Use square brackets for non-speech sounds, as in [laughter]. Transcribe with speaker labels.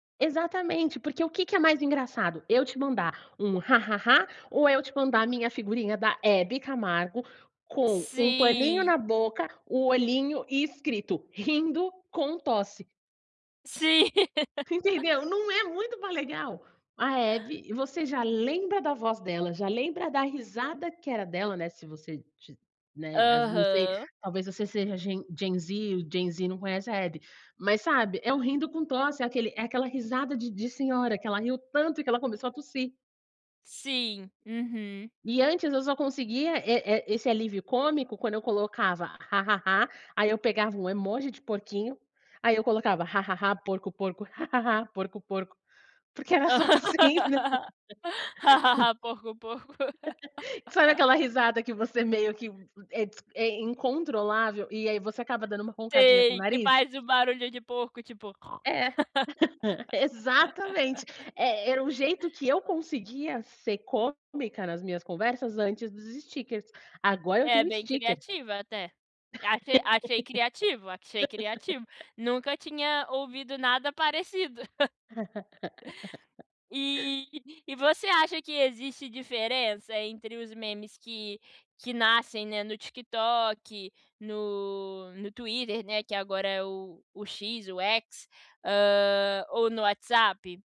Speaker 1: Exatamente, porque o que que é mais engraçado, eu te mandar um "ha ha ha" ou é eu te mandar a minha figurinha da Hebe Camargo, com um paninho
Speaker 2: Sim.
Speaker 1: na boca, o olhinho e escrito "rindo com tosse"?
Speaker 2: Sim. [laughs]
Speaker 1: Entendeu, não é muito mais legal? A Hebe você já lembra da voz dela, já lembra da risada que era dela, né, se você tiv né, as não sei,
Speaker 2: Aham.
Speaker 1: talvez você seja ge gen Z, o gen Z não conhece a Hebe. Mas sabe, é um "rindo com tosse", é aquele é aquela risada de de senhora, que ela riu tanto e que ela começou a tossir.
Speaker 2: Sim, uhum.
Speaker 1: E antes eu só conseguia, eh eh, esse alívio cômico quando eu colocava: "Ha ha ha", aí eu pegava um emoji de porquinho, aí eu colocava: "Ha ha ha, porco, porco, ha ha ha, porco, porco", porque era só assim, né.
Speaker 2: [laughs] "Ha ha ha, porco, porco".
Speaker 1: [laughs] Sabe aquela
Speaker 2: [laughs]
Speaker 1: risada que você meio que é dis é incontrolável, e aí você acaba dando uma roncadinha com o
Speaker 2: Sei, que
Speaker 1: nariz?
Speaker 2: faz um barulho de porco, tipo,
Speaker 1: É, [laughs] exatamente.
Speaker 2: [laughs]
Speaker 1: Eh eh, era o jeito que eu conseguia ser cômica nas minhas conversas antes dos stikers, agora eu
Speaker 2: É
Speaker 1: tenho
Speaker 2: bem
Speaker 1: stiker.
Speaker 2: criativa até. Achei achei criativo, achei criativo, nunca
Speaker 1: [laughs]
Speaker 2: tinha ouvido nada parecido. [laughs]
Speaker 1: [laughs]
Speaker 2: E e você acha que existe diferença entre os memes que que nascem, né, no TikTok, no no Twitter, né, que agora é o o X, o X, hã, ou no WhatsApp?